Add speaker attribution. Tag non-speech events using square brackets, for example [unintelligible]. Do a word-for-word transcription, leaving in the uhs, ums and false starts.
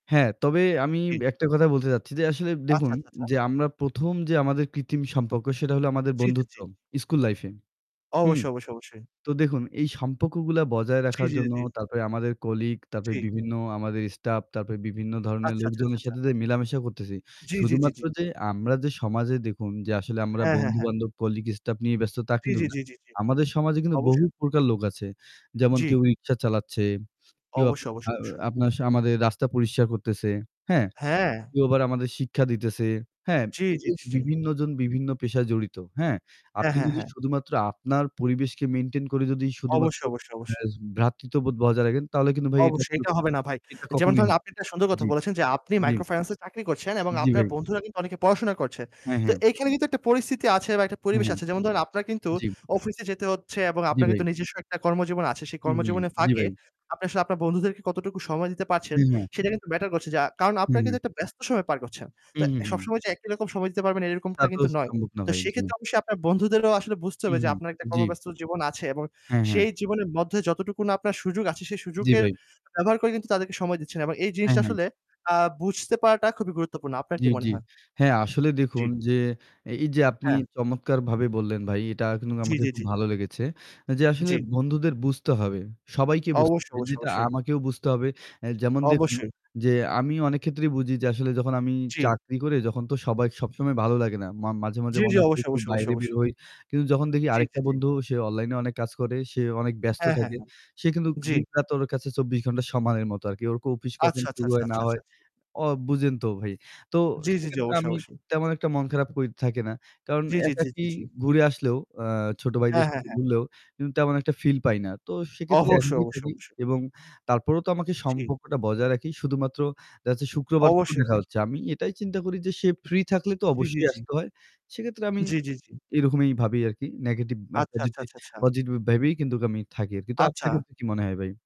Speaker 1: হ্যাঁ তবে আমি
Speaker 2: জি।
Speaker 1: একটা কথা বলতে চাচ্ছি যে আসলে
Speaker 2: আচ্ছা,
Speaker 1: দেখুন
Speaker 2: আচ্ছা, আচ্ছা।
Speaker 1: যে আমরা প্রথম যে আমাদের কৃত্রিম সম্পর্ক সেটা হলো আমাদের
Speaker 2: জি, জি,
Speaker 1: বন্ধুত্ব
Speaker 2: জি।
Speaker 1: school life এ। হুম।
Speaker 2: অবশ্যই, অবশ্যই, অবশ্যই।
Speaker 1: তো দেখুন এই সম্পর্কগুলা বজায়
Speaker 2: জি,
Speaker 1: রাখার
Speaker 2: জি,
Speaker 1: জন্য
Speaker 2: জি।
Speaker 1: তারপরে আমাদের colleague, তারপরে
Speaker 2: জি।
Speaker 1: বিভিন্ন আমাদের staff, তারপরে বিভিন্ন ধরনের
Speaker 2: আচ্ছা, আচ্ছা, আচ্ছা,
Speaker 1: লোকজনের
Speaker 2: আচ্ছা।
Speaker 1: সাথে যে মেলামেশা করতেছি
Speaker 2: জি, জি, জি,
Speaker 1: শুধুমাত্র
Speaker 2: জি।
Speaker 1: যে আমরা যে সমাজে দেখুন যে আসলে আমরা
Speaker 2: হ্যাঁ, হ্যাঁ, হ্যাঁ।
Speaker 1: বন্ধু-বান্ধব, colleague, staff নিয়ে ব্যস্ত তা
Speaker 2: জি,
Speaker 1: কিন্তু
Speaker 2: জি,
Speaker 1: না।
Speaker 2: জি, জি, জি।
Speaker 1: আমাদের সমাজে কিন্তু বহু
Speaker 2: অবশ্যই।
Speaker 1: প্রকার লোক আছে। যেমন কেউ
Speaker 2: জি।
Speaker 1: রিকশা চালাচ্ছে, কেউ
Speaker 2: অবশ্যই,
Speaker 1: আপনার আ
Speaker 2: অবশ্যই, অবশ্যই।
Speaker 1: আপনার সা আমাদের রাস্তা পরিষ্কার করতেছে, হ্যাঁ?
Speaker 2: হ্যাঁ।
Speaker 1: কেউ আবার আমাদের শিক্ষা দিতেছে, হ্যাঁ।
Speaker 2: জি, জি,
Speaker 1: এই
Speaker 2: জি,
Speaker 1: যে
Speaker 2: জি।
Speaker 1: বিভিন্নজন বিভিন্ন পেশায় জড়িত, হ্যাঁ?
Speaker 2: হ্যাঁ,
Speaker 1: আপনি
Speaker 2: হ্যাঁ,
Speaker 1: যদি
Speaker 2: হ্যাঁ।
Speaker 1: শুধুমাত্র আপনার পরিবেশকে maintain করে যদি শুধুমাত্র
Speaker 2: অবশ্যই, অবশ্যই, অবশ্যই।
Speaker 1: [unintelligible] ভ্রাতৃত্ববোধ বজায় রাখেন তাহলে কিন্তু ভাই এটা
Speaker 2: অবশ্যই
Speaker 1: [unintelligible]
Speaker 2: এটা হবে না ভাই।
Speaker 1: এটা
Speaker 2: যেমন
Speaker 1: কখনোই
Speaker 2: ধরেন আপনি একটা সুন্দর কথা
Speaker 1: জি,
Speaker 2: বলেছেন যে আপনি
Speaker 1: জি।
Speaker 2: মাইক্রো ফাইন্যান্সে চাকরি করছেন এবং
Speaker 1: জি,
Speaker 2: আপনার
Speaker 1: ভাই।
Speaker 2: বন্ধুরা কিন্তু অনেকে পড়াশোনা করছে।
Speaker 1: হ্যাঁ,
Speaker 2: তো
Speaker 1: হ্যাঁ।
Speaker 2: এখানে কিন্তু একটা পরিস্থিতি আছে বা একটা পরিবেশ
Speaker 1: হ্যাঁ।
Speaker 2: আছে। যেমন ধরেন আপনার কিন্তু
Speaker 1: জি।
Speaker 2: অফিসে যেতে হচ্ছে এবং
Speaker 1: জি,
Speaker 2: আপনার
Speaker 1: ভাই।
Speaker 2: কিন্তু নিজস্ব একটা কর্মজীবন আছে। সেই
Speaker 1: উ হু,
Speaker 2: কর্মজীবনের
Speaker 1: জি,
Speaker 2: ফাঁকে
Speaker 1: ভাই।
Speaker 2: আপনি আসলে আপনার বন্ধুদেরকে কতটুকু সময় দিতে পারছেন
Speaker 1: হ্যাঁ, হ্যাঁ।
Speaker 2: সেটা কিন্তু matter করছে। যা কারণ আপনার কিন্তু
Speaker 1: হু।
Speaker 2: একটা ব্যস্ত সময় পার করছেন।
Speaker 1: উ
Speaker 2: তো
Speaker 1: হু।
Speaker 2: সবসময় যে একই রকম সময় দিতে পারবেন
Speaker 1: তা
Speaker 2: এরকমটা
Speaker 1: তো
Speaker 2: কিন্তু নয়।
Speaker 1: সম্ভব না
Speaker 2: তো
Speaker 1: ভাই, জি।
Speaker 2: সেক্ষেত্রে অবশ্যই আপনার বন্ধুদেরকেও আসলে বুঝতে
Speaker 1: উ
Speaker 2: হবে যে
Speaker 1: হু।
Speaker 2: আপনার একটা
Speaker 1: জি।
Speaker 2: কর্মব্যস্ত জীবন আছে এবং
Speaker 1: হ্যাঁ, হ্যাঁ।
Speaker 2: সেই জীবনের মধ্যে যতটুকু না আপনার সুযোগ আছে সে
Speaker 1: জি
Speaker 2: সুযোগের
Speaker 1: ভাই।
Speaker 2: ব্যবহার করে কিন্তু তাদেরকে সময় দিচ্ছেন এবং এই
Speaker 1: হ্যাঁ,
Speaker 2: জিনিসটা
Speaker 1: হ্যাঁ।
Speaker 2: আসলে আ বুঝতে পারাটা খুবই গুরুত্বপূর্ণ। আপনার
Speaker 1: জি,
Speaker 2: কি মনে
Speaker 1: জি
Speaker 2: হয়?
Speaker 1: হ্যাঁ আসলে
Speaker 2: জি।
Speaker 1: দেখুন যে এই যে আপনি
Speaker 2: হ্যাঁ।
Speaker 1: চমৎকারভাবে বললেন ভাই এটা কিন্তুক
Speaker 2: জি,
Speaker 1: আমাকে
Speaker 2: জি,
Speaker 1: খুব
Speaker 2: জি।
Speaker 1: ভালো লেগেছে যে আসলে
Speaker 2: জি।
Speaker 1: বন্ধুদের বুঝতে হবে। সবাইকে বুঝতে
Speaker 2: অবশ্যই,
Speaker 1: হবে যে
Speaker 2: অবশ্যই,
Speaker 1: এটা
Speaker 2: অবশ্যই।
Speaker 1: আমাকেও বুঝতে হবে। যেমন দেখুন
Speaker 2: অবশ্যই।
Speaker 1: যে আমি অনেক ক্ষেত্রেই বুঝি যে আসলে যখন আমি
Speaker 2: জি।
Speaker 1: চাকরি করে যখন তো সবাই সবসময় ভালো লাগে না। মা মাঝে, মাঝে
Speaker 2: জি,
Speaker 1: মনে
Speaker 2: জি,
Speaker 1: হয়
Speaker 2: অবশ্যই,
Speaker 1: একটু
Speaker 2: অবশ্যই, অবশ্যই,
Speaker 1: বাইরে বের
Speaker 2: অবশ্যই।
Speaker 1: হই। কিন্তু যখন দেখি
Speaker 2: জি,
Speaker 1: আরেকটা
Speaker 2: জি, জি।
Speaker 1: বন্ধু সে online এ অনেক কাজ করে সে অনেক ব্যস্ত
Speaker 2: হ্যাঁ, হ্যাঁ,
Speaker 1: থাকে।
Speaker 2: হ্যাঁ।
Speaker 1: সে কিন্তুক
Speaker 2: জি।
Speaker 1: দিনরাত ওর কাছে চব্বিশ ঘণ্টা সমানের মতো আর কি। ওর office কখন
Speaker 2: আচ্ছা, আচ্ছা,
Speaker 1: শুরু
Speaker 2: আচ্ছা,
Speaker 1: হয় না
Speaker 2: আচ্ছা,
Speaker 1: হয়
Speaker 2: আচ্ছা।
Speaker 1: অ বুঝেন তো ভাই। তো
Speaker 2: জি, জি, জি,
Speaker 1: সেক্ষেত্রে
Speaker 2: অবশ্যই,
Speaker 1: আমি
Speaker 2: অবশ্যই।
Speaker 1: তেমন একটা মন খারাপ করে থাকে না। কারণ
Speaker 2: জি, জি, জি,
Speaker 1: একাকী
Speaker 2: জি, জি।
Speaker 1: ঘুরে আসলেও, আ ছোট ভাইদের
Speaker 2: হ্যাঁ, হ্যাঁ,
Speaker 1: সাথে
Speaker 2: হ্যাঁ।
Speaker 1: ঘুরলেও কিন্তু তেমন একটা feel পাই না। তো সেক্ষেত্রে
Speaker 2: অবশ্যই, অবশ্যই,
Speaker 1: [unintelligible]
Speaker 2: অবশ্যই।
Speaker 1: এবং তারপরও তো আমাকে
Speaker 2: জি।
Speaker 1: সম্পর্কটা বজায় রাখি। শুধুমাত্র দেখা যাচ্ছে শুক্রবার তো
Speaker 2: অবশ্যই
Speaker 1: দেখা
Speaker 2: ভাই।
Speaker 1: হচ্ছে আমি এটাই চিন্তা করি যে সে free থাকলে তো
Speaker 2: জি, জি,
Speaker 1: অবশ্যই
Speaker 2: জি।
Speaker 1: আসতে হয়। সেক্ষেত্রে আমি
Speaker 2: জি, জি, জি।
Speaker 1: এরকমই ভাবি আরকি negative
Speaker 2: আচ্ছা, আচ্ছা,
Speaker 1: positive
Speaker 2: আচ্ছা, আচ্ছা।
Speaker 1: positive ভাবেই কিন্তুক আমি থাকি আরকি। তো আপনার
Speaker 2: আচ্ছা।
Speaker 1: ক্ষেত্রে কি মনে হয় ভাই?